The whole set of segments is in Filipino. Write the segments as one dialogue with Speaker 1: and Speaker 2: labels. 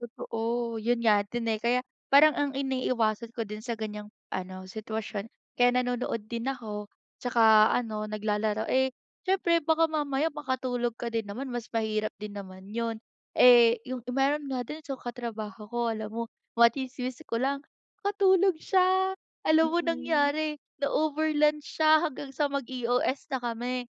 Speaker 1: Totoo, 'yon nga din, eh. Kaya, parang ang iniiwasan ko din sa ganiyang, ano sitwasyon, kaya nanonood din ako, 'tsaka ano, naglalaro. Eh, siyempre baka mamaya makatulog ka din naman mas mahirap din naman 'yon. Eh, 'yong meron nga din, so katrabaho ko alam mo, matsismis ko lang, nakatulog siya, alam mo
Speaker 2: Mm.
Speaker 1: nangyari, na-over lunch siya hanggang sa mag-EOS na kami,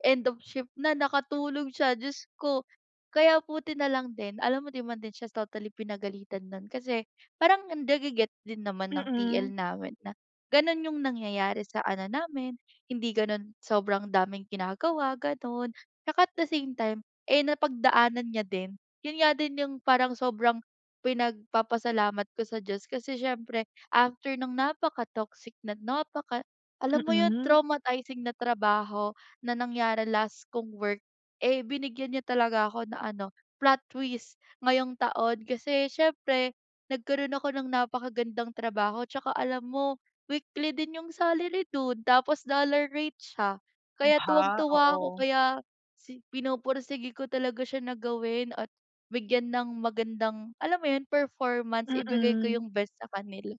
Speaker 1: end of shift na nakatulog siya, Diyos ko. Kaya buti na lang din, alam mo, 'di man din siya totally pinagalitan no'n, kasi parang nage-get din naman ng TL
Speaker 2: Mm.
Speaker 1: namin na, gano'n 'yong nangyayari sa ano namin, hindi gano'n, sobrang daming ginagawa, gano'n, 'tsaka at the same time, eh, napagdaanan niya din. 'Yon nga din 'yong parang sobrang, pinagpapasalamat ko sa Diyos kasi siyempre after ng napakatoxic na napaka alam mo 'yon,
Speaker 2: Mm.
Speaker 1: traumatizing na trabaho na nangyari last kong work, eh, binigyan niya talaga ako ng ano, plot twist ngayong taon. Kasi siyempre, nagkaroon ako ng napakagandang trabaho, 'tsaka alam mo, weekly din 'yong salary do'n, tapos dollar rate siya.
Speaker 2: 'Yon
Speaker 1: Kaya tuwang
Speaker 2: pa,
Speaker 1: tuwa ako,
Speaker 2: oo.
Speaker 1: kaya si pinupursige ko talaga siya na gawin at bigyan ng magandang, alam mo 'yon, performance, ibigay ko
Speaker 2: Mm.
Speaker 1: 'yong best sa kanila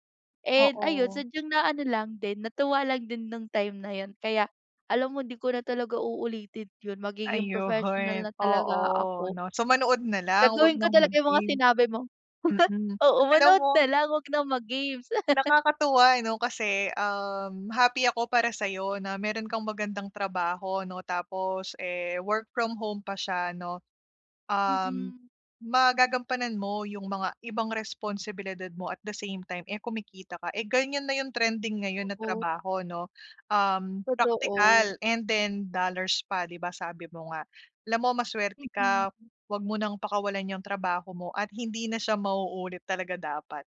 Speaker 1: and ayun
Speaker 2: Oo.
Speaker 1: sadyang naano lang din, natuwa lang din no'ng time na 'yon. Kaya, alam mo, 'di ko na talaga uulitin 'yon, magiging professional
Speaker 2: Ayun,
Speaker 1: na talaga
Speaker 2: oo,
Speaker 1: ako.
Speaker 2: 'no. So, manood na lang, huwag
Speaker 1: Gagawin ko
Speaker 2: ng
Speaker 1: talaga 'yong mga
Speaker 2: mag-games.
Speaker 1: sinabi mo.
Speaker 2: Mm,
Speaker 1: Oo,
Speaker 2: alam
Speaker 1: manood
Speaker 2: mo
Speaker 1: na lang huwag ng mag-games.
Speaker 2: nakakatuwa ano, kasi, um, happy ako para sa'yo na meron kang magandang trabaho, 'no, tapos, eh, work from home pa siya, 'no. Um,
Speaker 1: Mm.
Speaker 2: magagampanan mo 'yong mga ibang responsibilidad mo at the same time, eh, kumikita ka. Eh, ganiyan na 'yong trending ngayon na
Speaker 1: Oo.
Speaker 2: trabaho, 'no, um
Speaker 1: Totoo.
Speaker 2: praktikal and then dollars pa, 'di ba, sabi mo nga. Alam mo masuwerte
Speaker 1: Mm,
Speaker 2: ka,
Speaker 1: hmm.
Speaker 2: huwag mo ng pakawalan 'yang trabaho mo at hindi na siya mauulit talaga dapat.